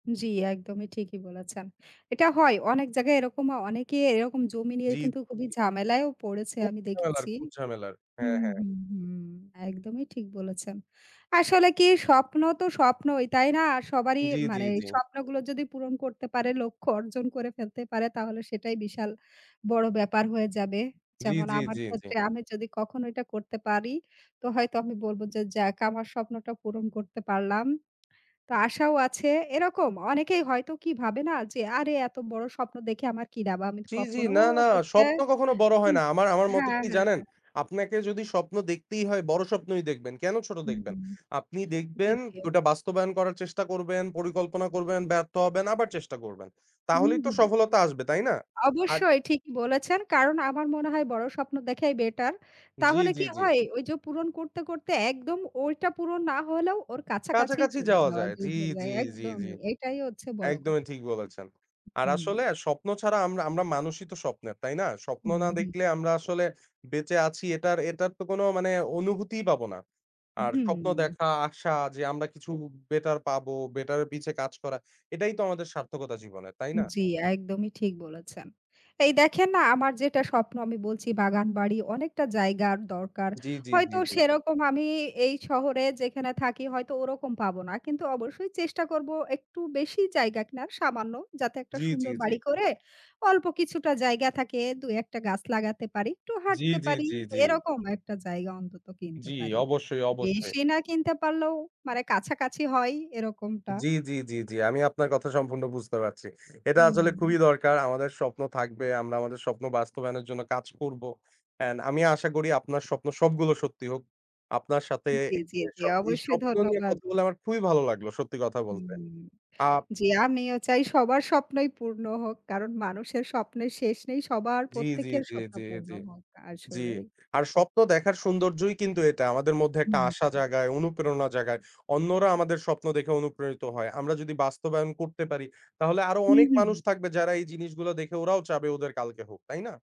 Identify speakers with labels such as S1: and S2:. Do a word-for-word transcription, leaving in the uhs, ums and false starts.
S1: জি, একদমই ঠিকই বলেছেন। এটা হয় অনেক জায়গায় এরকম অনেকে এরকম জমি নিয়ে
S2: জি,
S1: কিন্তু খুবই
S2: জি।
S1: ঝামেলায়ও পড়েছে
S2: খুব
S1: আমি
S2: ঝামেলার,
S1: দেখেছি
S2: খুব ঝামেলার হ্যাঁ,
S1: হুম,
S2: হ্যাঁ।
S1: হুম, হুম একদমই ঠিক বলেছেন। আসলে কি স্বপ্ন তো স্বপ্নই তাই না? সবারই
S2: জি, জি,
S1: মানে
S2: জি।
S1: স্বপ্নগুলো যদি পূরণ করতে পারে লক্ষ্য অর্জন করে ফেলতে পারে তাহলে সেটাই বিশাল বড়ো ব্যাপার হয়ে যাবে।
S2: জি,
S1: যেমন
S2: জি,
S1: আমার
S2: জি, জি।
S1: ক্ষেত্রে আমি যদি কখনো এটা করতে পারি, তো হয়তো আমি বলবো যে যাক আমার স্বপ্নটা পূরণ করতে পারলাম। তো আশাও আছে এরকম অনেকেই হয়তো কি ভাবে না যে, আরে এত বড় স্বপ্ন দেখে আমার কি লাভ, আমি
S2: জি, জি
S1: কখনো
S2: না, না
S1: হচ্ছে
S2: স্বপ্ন কখনো বড়
S1: উ
S2: হয় না। আমার আমার মতে
S1: হ্যাঁ,
S2: কি জানেন,
S1: হ্যাঁ।
S2: আপনাকে যদি স্বপ্ন দেখতেই হয়, বড় স্বপ্নই দেখবেন কেনো ছোট
S1: হুম, হু।
S2: দেখবেন? আপনি
S1: জি,
S2: দেখবেন
S1: জি।
S2: ওটা বাস্তবায়ন করার চেষ্টা করবেন, পরিকল্পনা করবেন, ব্যর্থ হবেন আবার চেষ্টা করবেন
S1: হুম,
S2: তাহলেই তো
S1: হুম।
S2: সফলতা আসবে তাই না? আর
S1: অবশ্যই ঠিকই বলেছেন ,কারন আমার মনে হয় বড় স্বপ্ন দেখাই বেটার।
S2: জি,
S1: তাহলে
S2: জি,
S1: কি
S2: জি।
S1: হয় ওই যে পূরন করতে, করতে একদম ওইটা পুরন না হলেও ওর কাছাকাছি
S2: কাছাকাছি
S1: চলে
S2: যাওয়া
S1: যাওয়া
S2: যায়, জি,
S1: যায়। হলেও
S2: জি, জি, জি।
S1: একদমই এটাই হচ্ছে বড়
S2: একদমই
S1: কথা।
S2: ঠিক বলেছেন আর
S1: হুম।
S2: আসলে স্বপ্ন ছাড়া আমরা আমরা মানুষই তো স্বপ্নের তাই না? স্বপ্ন না
S1: হুম, হুম।
S2: দেখলে আমরা আসলে বেঁচে আছি এটার এটার তো কোনো মানে অনুভূতিই পাবো না। আর স্বপ্ন
S1: হুম।
S2: দেখা, আশা যে আমরা কিছু বে বেটার পাবো, বেটার পিছে কাজ করা এটাই তো আমাদের সার্থকতা জীবনের তাই না?
S1: জি, একদমই ঠিক বলেছেন এই দেখেন না আমার যেটা স্বপ্ন আমি বলছি বাগানবাড়ি অনেকটা জায়গার দরকার,
S2: জি, জি, জি,
S1: হয়তো
S2: জি।
S1: সেরকম আমি এই শহরে যেখানে থাকি, হয়তো ওরকম পাবো না কিন্তু অবশ্যই চেষ্টা করব একটু বেশি জায়গা কেনার সামান্য। যাতে একটা
S2: জি, জি,
S1: সুন্দর
S2: জি।
S1: বাড়ি করে অল্প কিছুটা জায়গা থাকে দু এক টা গাছ লাগাতে পারি একটু
S2: জি,
S1: হাঁটতে
S2: জি,
S1: পারি
S2: জি, জি।
S1: এরকম একটা জায়গা অন্তত কিনতে
S2: জি,
S1: পারি।
S2: অবশ্যই, অবশ্যই।
S1: বেশি না কিনতে পারলেও মানে কাছাকাছি হয় এরকমটা।
S2: জি, জি, জি, জি আমি আপনার কথা সম্পূর্ণ বুঝতে পারছি। এটা আসলে খুবই
S1: হুম।
S2: দরকার আমাদের স্বপ্ন থাকবে আমরা আমাদের স্বপ্ন বাস্তবায়নের জন্য কাজ করব, অ্যান্ড আমি আশা করি আপনার স্বপ্ন সবগুলো সত্যি হোক। আপনার সাথে
S1: জি, জি, জি,
S2: এই
S1: অবশ্যই
S2: স্বপ্ন নিয়ে
S1: ধন্যবাদ।
S2: কথা বলে আমার খুবই ভালো লাগলো সত্যি কথা বলতে।
S1: হুম,
S2: আ
S1: জি, আমিও চাই সবার স্বপ্নই পূর্ণ হোক কারণ মানুষের স্বপ্নের শেষ নেই সবার
S2: জি, জি,
S1: প্রত্যেকের
S2: জি,
S1: স্বপ্ন
S2: জি,
S1: পূর্ণ
S2: জি,
S1: হোক,
S2: জি
S1: আসলেই।
S2: আর স্বপ্ন দেখার সৌন্দর্যই কিন্তু এটা আমাদের মধ্যে একটা
S1: হুম,
S2: আশা
S1: হুম।
S2: জাগায়, অনুপ্রেরণা জাগায়। অন্যরা আমাদের স্বপ্ন দেখে অনুপ্রেরিত হয় আমরা যদি বাস্তবায়ন করতে পারি তাহলে আরো
S1: হুম,
S2: অনেক
S1: হু,
S2: মানুষ
S1: হুম।
S2: থাকবে যারা এই জিনিসগুলো দেখে ওরাও চাবে ওদের কালকে হোক তাই না?